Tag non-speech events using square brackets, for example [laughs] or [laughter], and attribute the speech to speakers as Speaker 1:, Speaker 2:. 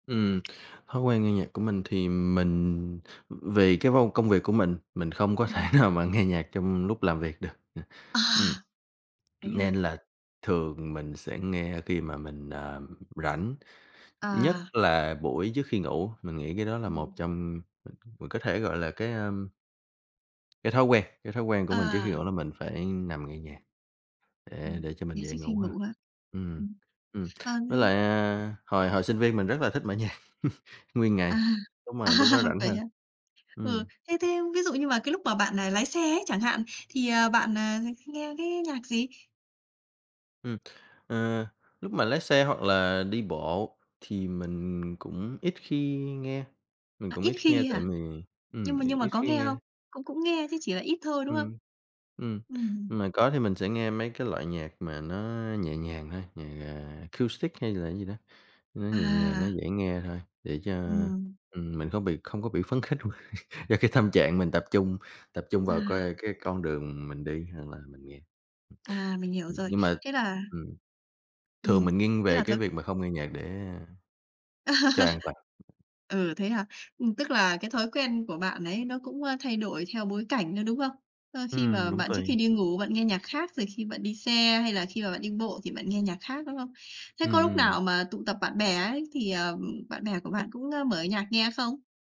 Speaker 1: Ừm, thói quen nghe nhạc của mình thì mình vì cái vô công việc của mình, mình không có thể
Speaker 2: Ừm.
Speaker 1: nào mà nghe nhạc trong lúc làm việc được, ừm,
Speaker 2: À!
Speaker 1: ừm.
Speaker 2: Thế hả?
Speaker 1: Nên là thường mình sẽ nghe khi mà mình, ờ, rảnh, nhất
Speaker 2: À.
Speaker 1: là buổi trước khi ngủ, mình nghĩ cái đó là một
Speaker 2: Ừm.
Speaker 1: trong [unintelligible] mình có thể gọi là cái à cái thói quen cái thói quen của mình trước khi
Speaker 2: À.
Speaker 1: ngủ là mình phải nằm nghe nhạc để
Speaker 2: Ừm,
Speaker 1: để cho mình
Speaker 2: nghe
Speaker 1: dễ
Speaker 2: trước khi
Speaker 1: ngủ hơn,
Speaker 2: ngủ hả?
Speaker 1: ừm,
Speaker 2: Ừm.
Speaker 1: ừm,
Speaker 2: À, thế
Speaker 1: với lại, à, hồi hồi sinh viên mình rất là thích mở nhạc [laughs] nguyên
Speaker 2: À!
Speaker 1: ngày, đúng
Speaker 2: À
Speaker 1: là lúc đó rảnh
Speaker 2: vậy
Speaker 1: ha,
Speaker 2: hả? Ừ,
Speaker 1: ừm.
Speaker 2: thế thế ví dụ như mà cái lúc mà bạn, à, lái xe ấy chẳng hạn, thì, à, bạn, à, thích nghe cái nhạc gì?
Speaker 1: Ừm. À, lúc mà lái xe hoặc là đi bộ thì mình cũng ít khi nghe mình
Speaker 2: Ờ,
Speaker 1: cũng
Speaker 2: ít
Speaker 1: ít khi nghe
Speaker 2: khi
Speaker 1: tại
Speaker 2: hả?
Speaker 1: vì ừm,
Speaker 2: Nhưng mà
Speaker 1: mình
Speaker 2: nhưng mà
Speaker 1: ít
Speaker 2: có
Speaker 1: khi
Speaker 2: nghe không?
Speaker 1: nghe.
Speaker 2: Cũng cũng nghe chứ chỉ là ít thôi, đúng không?
Speaker 1: Ừm. Ừm,
Speaker 2: Ừm.
Speaker 1: mà có thì mình sẽ nghe mấy cái loại nhạc mà nó nhẹ nhàng thôi, nhạc, à, acoustic hay là cái gì đó, nó nhẹ nhàng, nó
Speaker 2: À!
Speaker 1: dễ nghe thôi, để cho,
Speaker 2: Ừm.
Speaker 1: ừm, mình không bị không có bị phấn khích quá, [laughs] cho cái tâm trạng mình tập trung tập trung vào
Speaker 2: À.
Speaker 1: coi cái con đường mình đi hoặc là mình nghe.
Speaker 2: À, mình hiểu
Speaker 1: Ừm,
Speaker 2: rồi.
Speaker 1: nhưng mà
Speaker 2: Thế là
Speaker 1: ừm. Thường
Speaker 2: ừm,
Speaker 1: mình nghiêng
Speaker 2: thế
Speaker 1: về
Speaker 2: là
Speaker 1: cái
Speaker 2: thói
Speaker 1: việc mà không nghe nhạc để, a cho an
Speaker 2: [laughs]
Speaker 1: toàn.
Speaker 2: Ừ, thế hả? Ừm, tức là cái thói quen của bạn ấy nó cũng, à, thay đổi theo bối cảnh nữa, đúng không? Ờ, khi mà
Speaker 1: Ừm, cũng
Speaker 2: bạn trước khi
Speaker 1: tùy.
Speaker 2: đi ngủ bạn nghe nhạc khác, rồi khi bạn đi xe hay là khi mà bạn đi bộ thì bạn nghe nhạc khác, đúng không? Thế có
Speaker 1: Ừm,
Speaker 2: lúc
Speaker 1: ừm.
Speaker 2: nào mà tụ tập bạn bè ấy thì, à, bạn bè của bạn cũng, a, mở nhạc nghe không?